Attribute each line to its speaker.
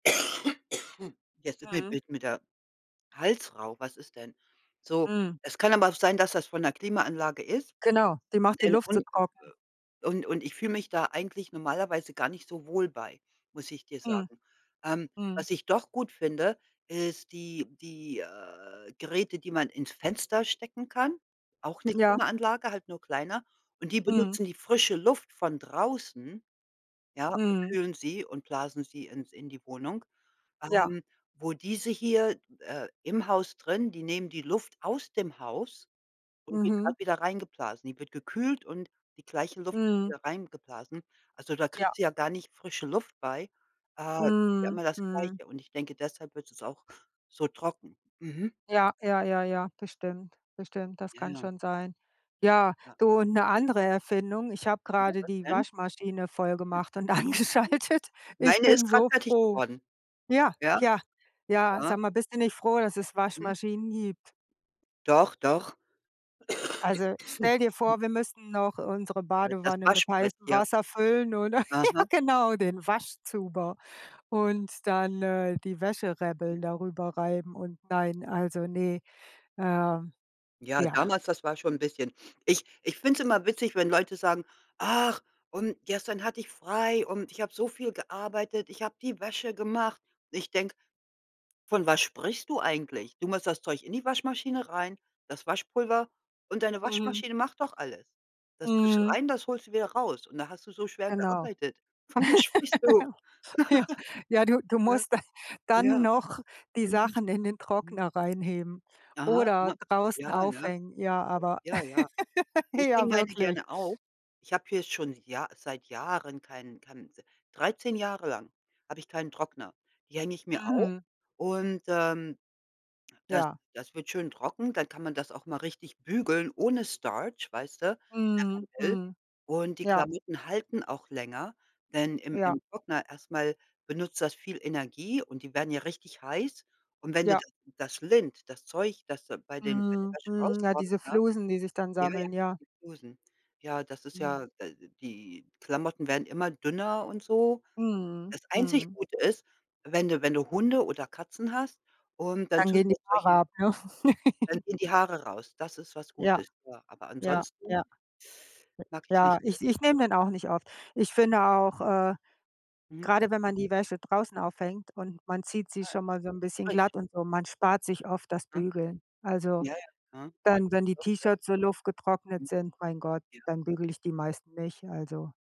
Speaker 1: Jetzt
Speaker 2: Mhm.
Speaker 1: [unintelligible] wird mir der Hals rau, was ist denn? So,
Speaker 2: Mhm.
Speaker 1: es kann aber auch sein, dass das von der Klimaanlage ist,
Speaker 2: Genau, die macht die
Speaker 1: denn
Speaker 2: Luft so
Speaker 1: und äh,
Speaker 2: trocken.
Speaker 1: und und ich fühle mich da eigentlich normalerweise gar nicht so wohl bei, muss ich dir
Speaker 2: Mhm.
Speaker 1: sagen. Ähm,
Speaker 2: Mhm.
Speaker 1: was ich doch gut finde, ist die die, äh, Geräte, die man ins Fenster stecken kann, auch 'ne
Speaker 2: Ja.
Speaker 1: Klimaanlage, halt nur kleiner. Und die
Speaker 2: Mhm.
Speaker 1: benutzen die frische Luft von draußen, ja, und
Speaker 2: Mhm.
Speaker 1: kühlen sie und blasen sie ins in die Wohnung.
Speaker 2: Ja.
Speaker 1: Ähm, wo diese hier, äh, im Haus drin, die nehmen die Luft aus dem Haus und wird
Speaker 2: Mhm.
Speaker 1: grad wieder reingeblasen. Die wird gekühlt und die gleiche Luft wird
Speaker 2: Mhm.
Speaker 1: wieder reingeblasen. Also, da
Speaker 2: Ja.
Speaker 1: kriegt sie ja gar nicht frische Luft bei. Äh, ja
Speaker 2: Mhm,
Speaker 1: immer das
Speaker 2: mhm.
Speaker 1: Gleiche und ich denke, deshalb wird es auch so trocken. Mhm.
Speaker 2: Ja, ja, ja, ja, bestimmt, bestimmt, das
Speaker 1: Ja,
Speaker 2: kann
Speaker 1: ja.
Speaker 2: schon sein. Ja,
Speaker 1: Ja.
Speaker 2: du, und 'ne andere Erfindung, ich habe
Speaker 1: Ja,
Speaker 2: grade
Speaker 1: was
Speaker 2: die
Speaker 1: denn?
Speaker 2: Waschmaschine
Speaker 1: Mhm.
Speaker 2: vollgemacht und
Speaker 1: Hm.
Speaker 2: angeschaltet. Ich
Speaker 1: Meine
Speaker 2: bin
Speaker 1: ist gerade
Speaker 2: so
Speaker 1: fertig
Speaker 2: froh.
Speaker 1: geworden.
Speaker 2: Ja,
Speaker 1: Ja.
Speaker 2: ja, ja,
Speaker 1: Ja.
Speaker 2: sag mal, bist du nicht froh, dass es
Speaker 1: Mhm.
Speaker 2: Waschmaschinen gibt?
Speaker 1: Doch, doch.
Speaker 2: Also, stell dir vor, wir müssen noch unsere
Speaker 1: Ja, das
Speaker 2: Badewanne mit
Speaker 1: Waschbrett
Speaker 2: heißem
Speaker 1: hier.
Speaker 2: Wasser füllen oder?
Speaker 1: Aha.
Speaker 2: Ja genau, den Waschzuber und dann, äh, die Wäsche
Speaker 1: Hm.
Speaker 2: rebbeln, darüber reiben und nein, also, ne, ähm,
Speaker 1: Ja,
Speaker 2: ja.
Speaker 1: damals, das war schon 'n bisschen ich ich finde es immer witzig, wenn Leute sagen: „Ach, und gestern hatte ich frei und ich habe so viel gearbeitet. Ich habe die Wäsche gemacht.“ Ich denke: „Von was sprichst du eigentlich? Du machst das Zeug in die Waschmaschine rein, das Waschpulver und deine
Speaker 2: Mhm.
Speaker 1: Waschmaschine macht doch alles. Das tust
Speaker 2: Mhm.
Speaker 1: rein, das holst du wieder raus und da hast du so schwer
Speaker 2: Genau.
Speaker 1: gearbeitet? Von was sprichst du?“
Speaker 2: Ja, ja du du
Speaker 1: Ja.
Speaker 2: musst da dann
Speaker 1: Ja.
Speaker 2: noch die
Speaker 1: Mhm.
Speaker 2: Sachen in den
Speaker 1: Mhm.
Speaker 2: Trockner reinheben
Speaker 1: Aha,
Speaker 2: oder
Speaker 1: ah.
Speaker 2: draußen
Speaker 1: Ja, ne?
Speaker 2: aufhängen. Ja, aber
Speaker 1: Ja, ja. Ich hänge
Speaker 2: ja,
Speaker 1: meine
Speaker 2: wirklich.
Speaker 1: gerne auf. Ich habe hier schon Jah seit Jahren keinen keinen 13 Jahre lang habe ich keinen Trockner. Die hänge ich mir auf
Speaker 2: Mhm.
Speaker 1: und, ähm, das
Speaker 2: Ja.
Speaker 1: das wird schön trocken, dann kann man das auch mal richtig bügeln ohne Starch, weißte, wenn
Speaker 2: Mhm,
Speaker 1: man will.
Speaker 2: mhm.
Speaker 1: Und die
Speaker 2: Ja.
Speaker 1: Klamotten halten auch länger, denn im
Speaker 2: Ja.
Speaker 1: im Trockner erst mal benutzt das viel Energie und die werden ja richtig heiß. Und wenn d
Speaker 2: Ja.
Speaker 1: da das lint das Zeug, das da bei dem bei der
Speaker 2: Mhm,
Speaker 1: Wäsche
Speaker 2: mhm. Na,
Speaker 1: rauskommt,
Speaker 2: diese
Speaker 1: ne?
Speaker 2: Flusen, die sich dann
Speaker 1: Ja, ja,
Speaker 2: sammeln, ja.
Speaker 1: die Flusen. Ja, das ist
Speaker 2: Mhm.
Speaker 1: ja, d die Klamotten werden immer dünner und so.
Speaker 2: Mhm,
Speaker 1: Das einzig
Speaker 2: mhm.
Speaker 1: Gute ist, wenn du wenn du Hunde oder Katzen hast, und dann
Speaker 2: Dann
Speaker 1: tust
Speaker 2: gehen die
Speaker 1: du
Speaker 2: Haare
Speaker 1: solchen
Speaker 2: ab, ne?
Speaker 1: dann gehen die Haare raus. Das ist was
Speaker 2: Ja.
Speaker 1: Gutes. Ja, aber
Speaker 2: Ja,
Speaker 1: ansonsten
Speaker 2: ja.
Speaker 1: mag
Speaker 2: J
Speaker 1: ich es
Speaker 2: ja,
Speaker 1: nicht so.
Speaker 2: ich ich nehme den auch nicht oft, ich finde auch, äh,
Speaker 1: Mhm.
Speaker 2: grade wenn man die Wäsche draußen aufhängt und man zieht sie
Speaker 1: Ja,
Speaker 2: schon mal so 'n bisschen
Speaker 1: frisch.
Speaker 2: glatt und so, man spart sich oft das
Speaker 1: Mhm.
Speaker 2: Bügeln. Also,
Speaker 1: Ja, ja. Aha.
Speaker 2: dann, wenn die
Speaker 1: Doch, doch.
Speaker 2: T-Shirts so luftgetrocknet
Speaker 1: Mhm.
Speaker 2: sind, mein Gott,
Speaker 1: Ja.
Speaker 2: dann bügel ich die meisten nicht, also.